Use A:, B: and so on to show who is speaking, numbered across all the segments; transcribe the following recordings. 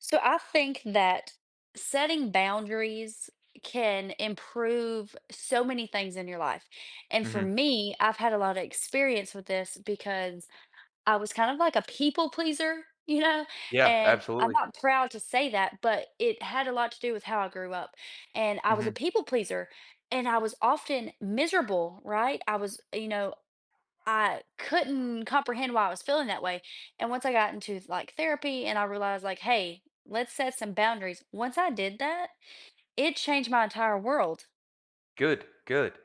A: So I think that setting boundaries can improve so many things in your life, and for
B: Mhm.
A: me, I've had a lotta experience with this, because I was kind of like a people pleaser, you know,
B: Yeah,
A: and I'm
B: absolutely.
A: not proud to say that, but it had a lot to do with how I grew up, and I was a
B: Mhm.
A: people pleaser, and I was often miserable, right, I was you know, I couldn't comprehend why I was feeling that way, and once I got into th like, therapy and I realized like, "Hey, let's set some boundaries," once I did that, it changed my entire world.
B: Good, good.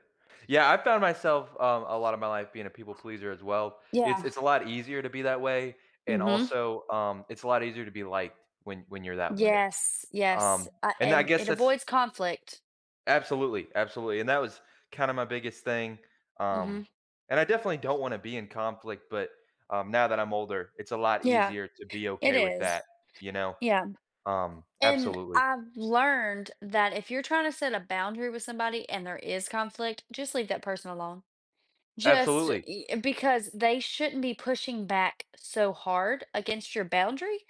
B: Yeah, I found myself, um, a lot of my life being a people pleaser as well. It's
A: Yeah.
B: it's a lot easier to be that way and
A: Mhm.
B: also, um, it's a lot easier to be liked when when you're that way.
A: Yes, yes,
B: Um,
A: uh,
B: and then I
A: and
B: guess
A: it
B: that's
A: avoids conflict.
B: Absolutely, absolutely, and that was kinda my biggest thing, um,
A: Mhm.
B: and I definitely don't wanna be in conflict, but, um, now that I'm older, it's a lot
A: Yeah,
B: easier to be
A: it
B: okay with
A: is.
B: that, you know,
A: Yeah,
B: um,
A: and
B: absolutely.
A: I've learned that if you're trying to set a boundary with somebody and there is conflict, just leave that person alone. Just
B: Absolutely.
A: y because they shouldn't be pushing back so hard against your boundary,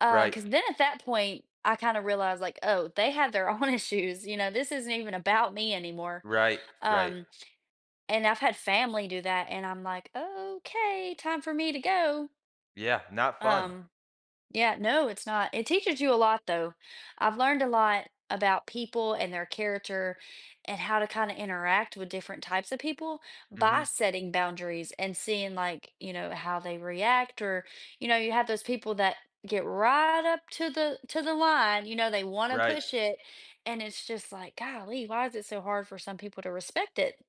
A: uh,
B: Right.
A: 'cause then at that point, I kind of realized like, "Oh, they have their own issues, you know, this isn't even about me anymore."
B: Right, right.
A: Um, and I've had family do that, and I'm like, "Okay, time for me to go."
B: Yeah, not fun.
A: Um, yeah, no, it's not it teaches you a lot, though. I've learned a lot about people and their character and how to kinda interact with different types of people by
B: Mhm.
A: setting boundaries and seeing, like, you know, how they react or, you know, you have those people that get right up to the to the line, you know, they want to
B: Right.
A: push it and it's just like, "Golly, why is it so hard for some people to respect it?"